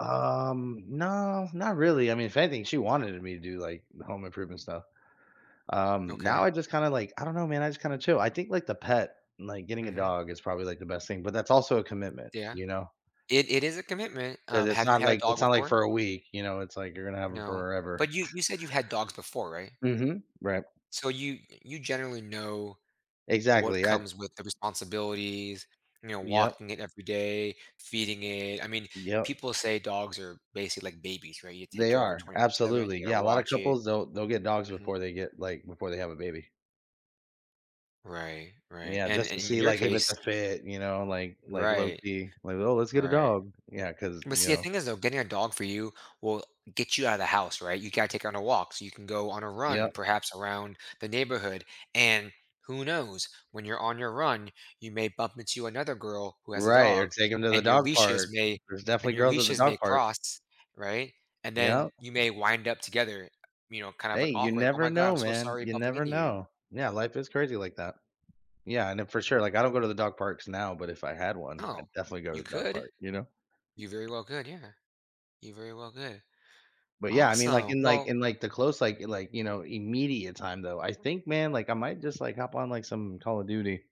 Um, nah, not really, I mean, if anything, she wanted me to do, like, the home improvement stuff. Um, now Okay. I just kinda, like I don't know, man, I just kinda chill. I think, like, the pet like, getting a Mhm. dog is probably, like, the best thing, but that's also a M commitment, Yeah. you know? It it is a commitment, 'Cause um, it's have you not, had a like dog it's not like before? for a week, you know? It's like you're gonna have 'em No. forever. But you you said you've had dogs before, right? Mhm, right. So, you y you generally know what Exactly, I comes with the responsibilities, you know, Yep. walking it every day, feeding it. I mean, Yep. people say dogs are basically like babies, right? You take They care of it are, 24/7, absolutely. you gotta Yeah, a lotta watch it couples, they'll they'll get dogs mhm. before they get, like before they have a baby. Right, right, Yeah, and just to and a in see, your like, if it's case a fit, you know, like like, Right. low-key. Like, "Oh, let's get a Right. dog." Yeah, 'cause, But you see, the know thing is, though, getting a dog for you will get you out of the house, right? You gotta take her on her walks, you can go on a Yep. run perhaps around the neighborhood, and who knows? When you're on your run, you may bump into another girl who has a Right, or dog, take 'em to the and your dog leashes park. may There's definitely and your girls at the leashes dog may park. cross, right? And then Yep. you may wind up together, you know, kind of, Hey, like, you awkward, "Oh never my god. know, I'm so man, sorry you bumping never into you." know. Yeah, life is crazy like that. Yeah, and then for sure, like, I don't go to the dog parks now, but if I had one, Oh? I'd definitely go You to the dog could. park, you know? You very well could, yeah. You very well could. But, yeah, I mean, like, Awesome, in, like well in, like, the close, like like, you know, immediate time, though, I think, man, like, I might just, like, hop on, like, some Call of Duty.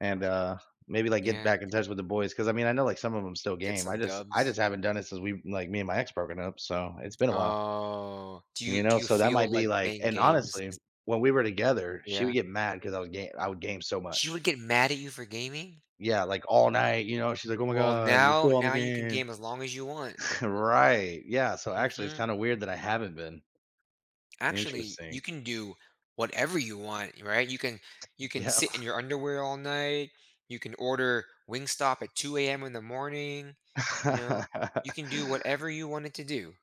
And, uh, maybe, like, get Yeah back in g touch with the boys, 'cause, I mean, I know, like, some of 'em still Get game. I some just I dubs. just haven't done it since we, like me and my ex broken up, so it's been a while. Oh. Do And you you do know, you so that might feel be, like like playing and, games honestly, is when we were together, she would Yeah. get mad, 'cause I was ga I would game so She much. would get mad at you for gaming? Yeah, like, all night, you know, and she's like, "Oh my Well, god. You're now still on the now you can game." game as long as you want. Right. Yeah, so, actually, it's Mhm. kinda weird that I haven't been. Actually, you Interesting. can do whatever you want, y right? You can you can Yeah. sit in your underwear all night. You can order Wingstop at 2:00 in the morning, you know? You can do whatever you wanted to do.